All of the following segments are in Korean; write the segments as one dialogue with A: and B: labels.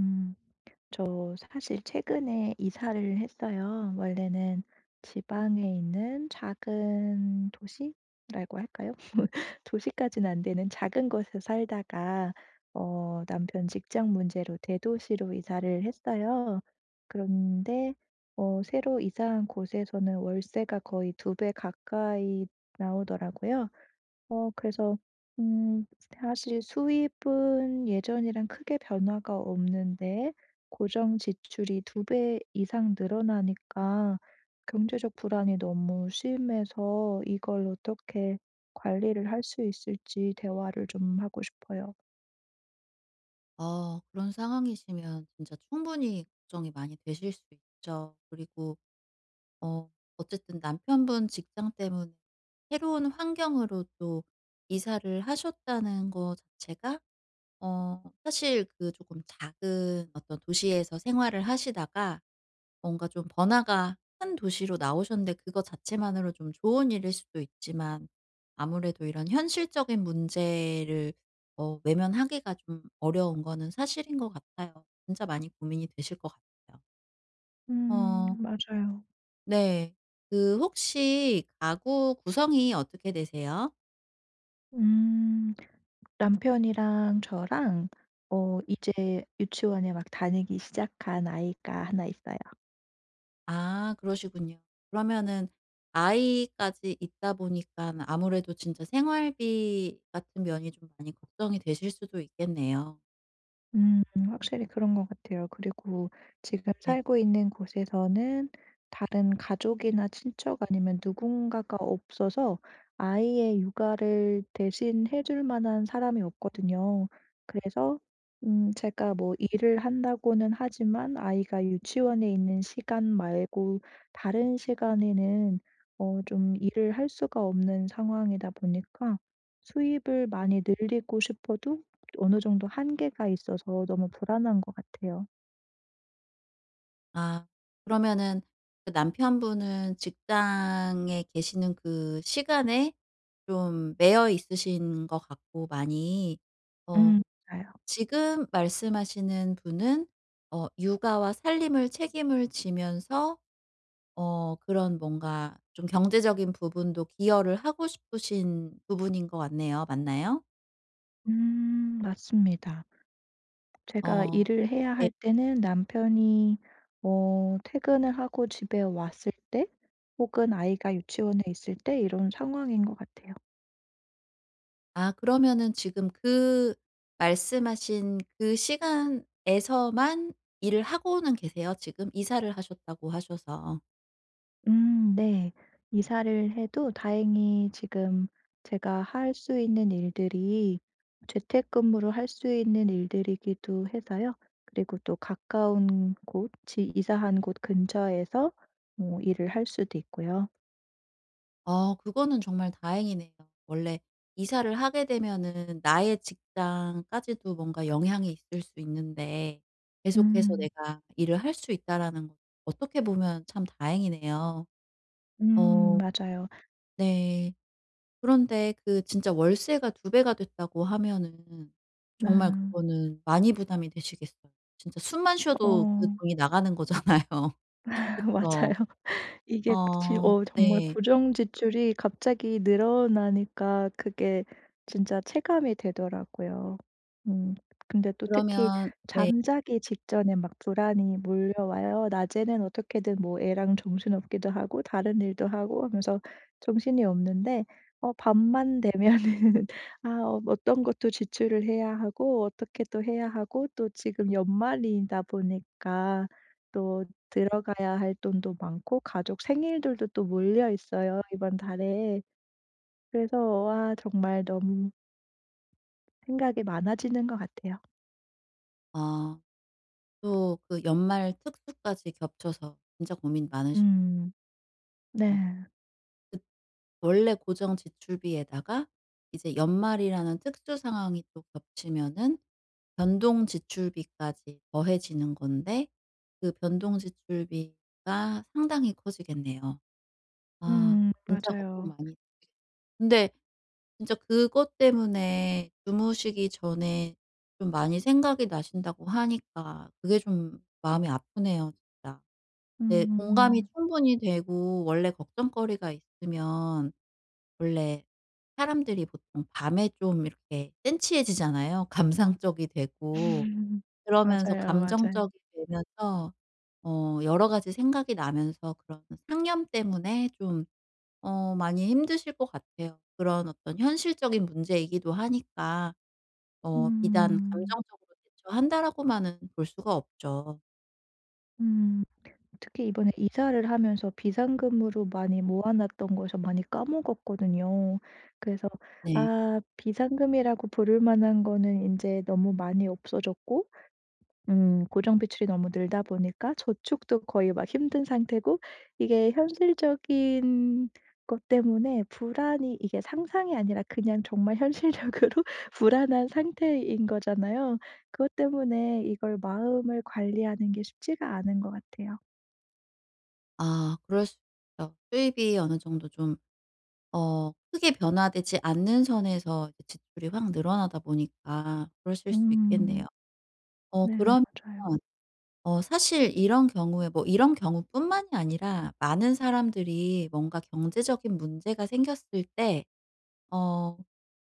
A: 음 저 사실 최근에 이사를 했어요. 원래는 지방에 있는 작은 도시라고 할까요? 도시까지는 안 되는 작은 곳에 살다가 어 남편 직장 문제로 대도시로 이사를 했어요. 그런데 어 새로 이사한 곳에서는 월세가 거의 2 배 가까이 나오더라고요. 어 그래서 음 사실 수입은 예전이랑 크게 변화가 없는데 고정 지출이 2 배 이상 늘어나니까 경제적 불안이 너무 심해서 이걸 어떻게 관리를 할 수 있을지 대화를 좀 하고 싶어요.
B: 어 그런 상황이시면 진짜 충분히 걱정이 많이 되실 수 있죠. 그리고 어 어쨌든 남편분 직장 때문에 새로운 환경으로 또 이사를 하셨다는 거 자체가 어 사실 그 조금 작은 어떤 도시에서 생활을 하시다가 뭔가 좀 번화가 큰 도시로 나오셨는데 그거 자체만으로 좀 좋은 일일 수도 있지만 아무래도 이런 현실적인 문제를 어 외면하기가 좀 어려운 거는 사실인 것 같아요. 진짜 많이 고민이 되실 것 같아요.
A: 음
B: 어.
A: 맞아요.
B: 네. 그 혹시 가구 구성이 어떻게 되세요?
A: 음. 남편이랑 저랑 어 이제 유치원에 막 다니기 시작한 아이가 하나 있어요.
B: 아 그러시군요. 그러면은 아이까지 있다 보니깐 아무래도 진짜 생활비 같은 면이 좀 많이 걱정이 되실 수도 있겠네요.
A: 음 확실히 그런 것 같아요. 그리고 지금
B: 네.
A: 살고 있는 곳에서는 다른 가족이나 친척 아니면 누군가가 없어서 아이의 육아를 대신 해 줄 만한 사람이 없거든요. 그래서 음 제가 뭐 일을 한다고는 하지만 아이가 유치원에 있는 시간 말고 다른 시간에는 어 좀 일을 할 수가 없는 상황이다 보니까 수입을 많이 늘리고 싶어도 어느 정도 한계가 있어서 너무 불안한 것 같아요.
B: 아 그러면은 그 남편분은 직장에 계시는 그 시간에 좀 매여 있으신 것 같고 많이 어
A: 음 맞아요.
B: 지금 말씀하시는 분은 어 육아와 살림을 책임을 지면서 어 그런 뭔가 좀 경제적인 부분도 기여를 하고 싶으신 부분인 것 같네요. 맞나요?
A: 음 맞습니다. 제가
B: 어
A: 일을 해야
B: 네.
A: 할 때는 남편이 어 퇴근을 하고 집에 왔을 때, 혹은 아이가 유치원에 있을 때 이런 상황인 것 같아요.
B: 아 그러면은 지금 그 말씀하신 그 시간에서만 일을 하고는 계세요 지금? 이사를 하셨다고 하셔서.
A: 음 네. 이사를 해도 다행히 지금 제가 할 수 있는 일들이 재택근무로 할 수 있는 일들이기도 해서요. 그리고 또 가까운 곳 지 이사한 곳 근처에서 뭐 일을 할 수도 있고요.
B: 어 그거는 정말 다행이네요. 원래 이사를 하게 되면은 나의 직장까지도 뭔가 영향이 있을 수 있는데 '계속해서
A: 음.
B: 내가 일을 할 수 있다.'라는 어떻게 보면 참 다행이네요.
A: 음
B: 어.
A: 맞아요.
B: 네. 그런데 그 진짜 월세가 2 배가 됐다고 하면은 정말
A: 아.
B: 그거는 많이 부담이 되시겠어요. 진짜 숨만 쉬어도 그
A: 어.
B: 돈이 나가는 거잖아요. 그쵸.
A: 맞아요. 이게 지
B: 아.
A: 어 정말
B: 네.
A: 고정 지출이 갑자기 늘어나니까 그게 진짜 체감이 되더라고요. 음. 근데 또 특히
B: 그러면 네.
A: 잠자기 직전에 막 불안이 몰려와요. 낮에는 어떻게든 뭐 애랑 정신없기도 하고, 다른 일도 하고 하면서 정신이 없는데 어 밤만 되면은 아 어떤 것 또 지출을 해야 하고 어떻게 또 해야 하고 또 지금 연말이다 보니까 또 들어가야 할 돈도 많고 가족 생일들도 또 몰려있어요 이번 달에. 그래서 와 정말 너무 생각이 많아지는 것 같아요.
B: 아. 또 그 연말 특수까지 겹쳐서 진짜 고민 많으시
A: 음. 네.
B: 어. 그 원래 고정 지출비에다가 이제 연말이라는 특수 상황이 또 겹치면은 변동 지출비까지 더해지는 건데 그 변동 지출비가 상당히 커지겠네요. 아.
A: 음
B: 진짜 걱정
A: 맞아요.
B: 많이 근데 진짜 그것 때문에 주무시기 전에 좀 많이 생각이 나신다고 하니까 그게 좀 마음이 아프네요 진짜. 네 공감이
A: 음.
B: 충분히 되고 원래 걱정거리가 있으면 원래 사람들이 보통 밤에 좀 이렇게 센티해지잖아요. 감상적이 되고. 그러면서
A: 맞아요 맞아요.
B: 감정적이 되면서 어 여러 가지 생각이 나면서 그런 상념 때문에 좀 어 많이 힘드실 것 같아요. 그런 어떤 현실적인 문제이기도 하니까 어 비단
A: 음.
B: '감정적으로 대처한다.'라고 만은 볼 수가 없죠.
A: 음 특히 이번에 이사를 하면서 비상금으로 많이 모아놨던 것을 많이 까먹었거든요. 그래서
B: 네.
A: 아 비상금이라고 부를 만한 거는 인제 너무 많이 없어졌고 음 고정비출이 너무 늘다 보니까 저축도 거의 막 힘든 상태고 이게 현실적인 것 때문에 불안이 이게 상상이 아니라 그냥 정말 현실적으로 불안한 상태인 거잖아요. 그것 때문에 이걸 마음을 관리하는 게 쉽지가 않은 것 같아요.
B: 아 그럴 수 있죠. 수입이 어느 정도 좀 어 크게 변화되지 않는 선에서 이 지출이 확 늘어나다 보니까 그러실 수도
A: 음.
B: 있겠네요. 어
A: 네
B: 그러면
A: 맞아요.
B: 어 사실 이런 경우에 뭐 이런 경우 뿐만이 아니라 많은 사람들이 뭔가 경제적인 문제가 생겼을 때 어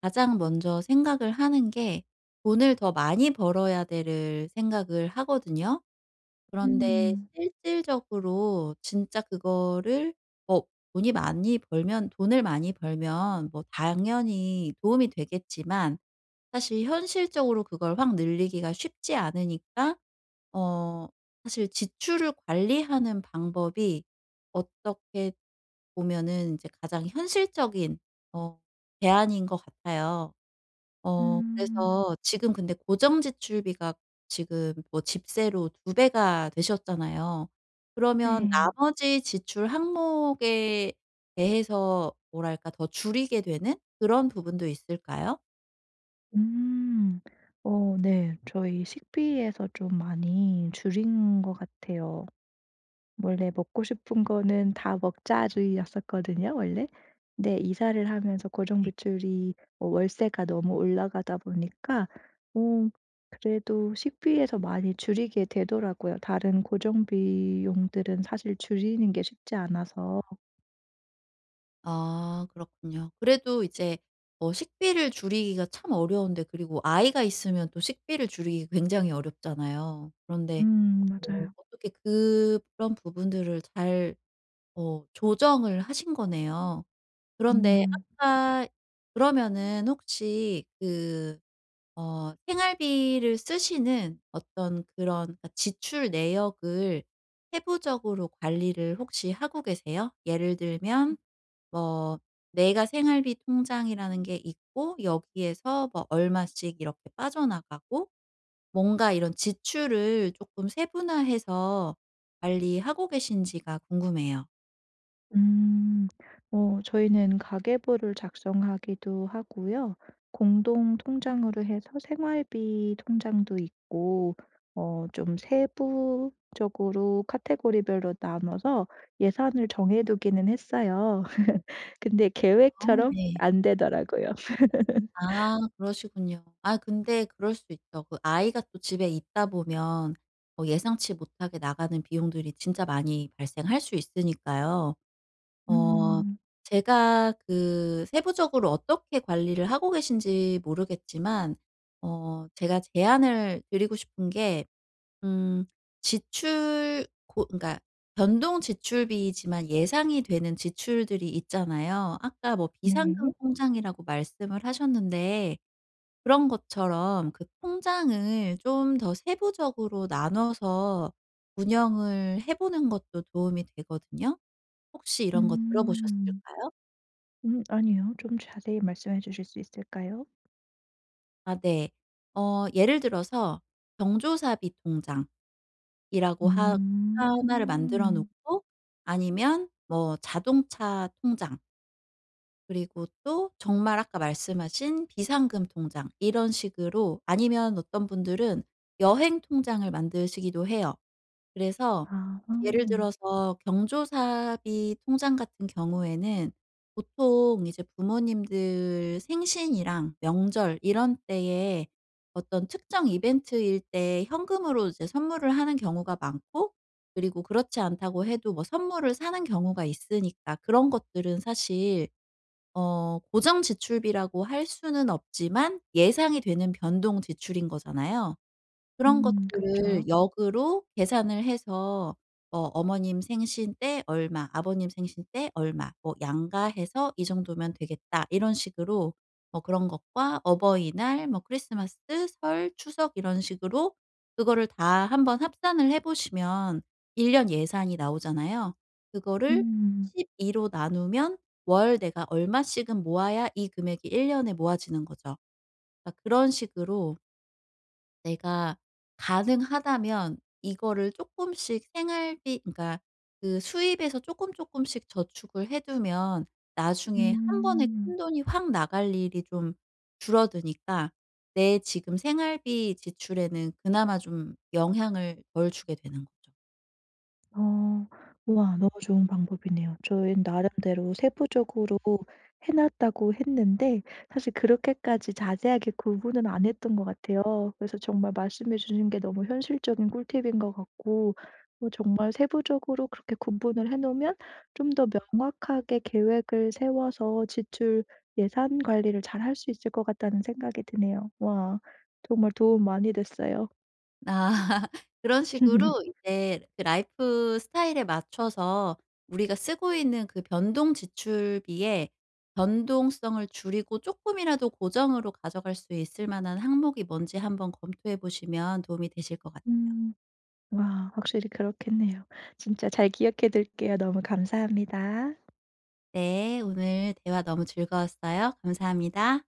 B: 가장 먼저 생각을 하는 게 '돈을 더 많이 벌어야 돼.'를 생각을 하거든요. 그런데
A: 음.
B: 실질적으로 진짜 그거를 뭐 돈이 많이 벌면 돈을 많이 벌면 뭐 당연히 도움이 되겠지만 사실 현실적으로 그걸 확 늘리기가 쉽지 않으니까 어 사실 지출을 관리하는 방법이 어떻게 보면은 이제 가장 현실적인 어 대안인 것 같아요. 어
A: 음.
B: 그래서 지금 근데 고정 지출비가 지금 뭐 집세로 2 배가 되셨잖아요. 그러면
A: 네.
B: 나머지 지출 항목에 대해서 뭐랄까? 더 줄이게 되는 그런 부분도 있을까요?
A: 음. 어 네. 저희 식비에서 좀 많이 줄인 것 같아요. 원래 '먹고 싶은 거는 다 먹자.' 주의였었거든요, 원래. 근데 이사를 하면서 고정
B: 네.
A: 지출이 어 월세가 너무 올라가다 보니까 어 그래도 식비에서 많이 줄이게 되더라고요, 다른 고정 비용들은 사실 줄이는 게 쉽지 않아서.
B: 아 그렇군요. 그래도 이제 어 식비를 줄이기가 참 어려운데 그리고 아이가 있으면 또 식비를 줄이기 굉장히 어렵잖아요. 그런데
A: 음
B: 어
A: 맞아요.
B: 어떻게 그런 부분들을 잘 어 조정을 하신 거네요. 그런데
A: 음.
B: 아까 그러면은 혹시 그 어 생활비를 쓰시는 어떤 그런 그러니까 지출 내역을 세부적으로 관리를 혹시 하고 계세요? 예를 들면 뭐 내가 생활비 통장이라는 게 있고 여기에서 뭐 얼마씩 이렇게 빠져나가고. 뭔가 이런 지출을 쪼끔 세분화해서 관리하고 계신지가 궁금해요.
A: 음. 어 저희는 가계부를 작성하기도 하고요 공동 통장으로 해서 생활비 통장도 있고 어 좀 세부적으로 카테고리별로 나눠서 예산을 정해 두기는 했어요. 근데
B: 아
A: 계획처럼
B: 네.
A: 안 되더라고요.
B: 아 그러시군요. 아 근데 그럴 수 있죠. 그 아이가 또 집에 있다 보면 뭐 예상치 못하게 나가는 비용들이 진짜 많이 발생할 수 있으니까요. 어
A: 음.
B: 제가 그 세부적으로 어떻게 관리를 하고 계신지 모르겠지만 어 제가 제안을 드리고 싶은 게 음 지출 고 그러니까 변동지출비이지만 예상이 되는 지출들이 있잖아요. 아까 뭐
A: 네.
B: 비상금 통장이라고 말씀을 하셨는데 그런 것처럼 그 통장을 좀 더 세부적으로 나눠서 운영을 해 보는 것도 도움이 되거든요. 혹시 이런 거 들어
A: 음.
B: 보셨을까요?
A: 음 아니요. 좀 자세히 말씀해 주실 수 있을까요?
B: 아 네. 어 예를 들어서 경조사비 통장이라고 하 하나를 만들어
A: 음.
B: 놓고 아니면 뭐 자동차 통장 그리고 또 정말 아까 말씀하신 비상금 통장 이런 식으로 아니면 어떤 분들은 여행 통장을 만드시기도 해요. 그래서
A: 아.
B: 예를 들어서 경조사비 통장 같은 경우에는 보통 이제 부모님들 생신이랑 명절 이런 때에 어떤 특정 이벤트일 때 현금으로 이제 선물을 하는 경우가 많고 그리고 그렇지 않다고 해도 뭐 선물을 사는 경우가 있으니까 그런 것들은 사실 어 고정 지출비라고 할 수는 없지만 예상이 되는 변동 지출인 거잖아요. 그런
A: 음 그쵸.
B: 것들을 역으로 계산을 해서 '뭐 어머님 생신 때 얼마, 아버님 생신 때 얼마 뭐 양가 해서 이 정도면 되겠다.' 이런 식으로 뭐 그런 것과 어버이날, 뭐 크리스마스, 설, 추석 이런 식으로 그거를 다 한번 합산을 해 보시면 1 년 예산이 나오잖아요. 그거를
A: 음.
B: 12로 나누면 월 내가 얼마씩은 모아야 이 금액이 1 년에 모아지는 거죠. 아 그런 식으로 내가 가능하다면 이거를 쪼끔씩 생활비 그러니까 그 수입에서 쪼끔 쪼끔씩 저축을 해 두면 나중에 1 번에
A: 음.
B: 큰 돈이 확 나갈 일이 좀 줄어드니까 내 지금 생활비 지출에는 그나마 좀 영향을 덜 주게 되는 거죠.
A: 어. 우와. 너무 좋은 방법이네요. 저희는 나름대로 세부적으로 해 놨다고 했는데 사실 그렇게까지 자세하게 구분은 안 했던 것 같아요. 그래서 정말 말씀해 주신 게 너무 현실적인 꿀팁인 것 같고 어 정말 세부적으로 그렇게 구분을 해 놓으면 '좀 더 명확하게 계획을 세워서 지출, 예산 관리를 잘할 수 있을 것 같다.'는 생각이 드네요. 와. 정말 도움 많이 됐어요.
B: 아. 그런 식으로 이제 그 라이프스타일에 맞춰서 우리가 쓰고 있는 그 변동 지출비에 변동성을 줄이고 쪼끔이라도 고정으로 가져갈 수 있을 만한 항목이 뭔지 한번 검토해 보시면 도움이 되실 것 같아요.
A: 음. 와. 확실히 그렇겠네요. 진짜 잘 기억해 둘게요. 너무 감사합니다.
B: 네. 오늘 대화 너무 즐거웠어요. 감사합니다.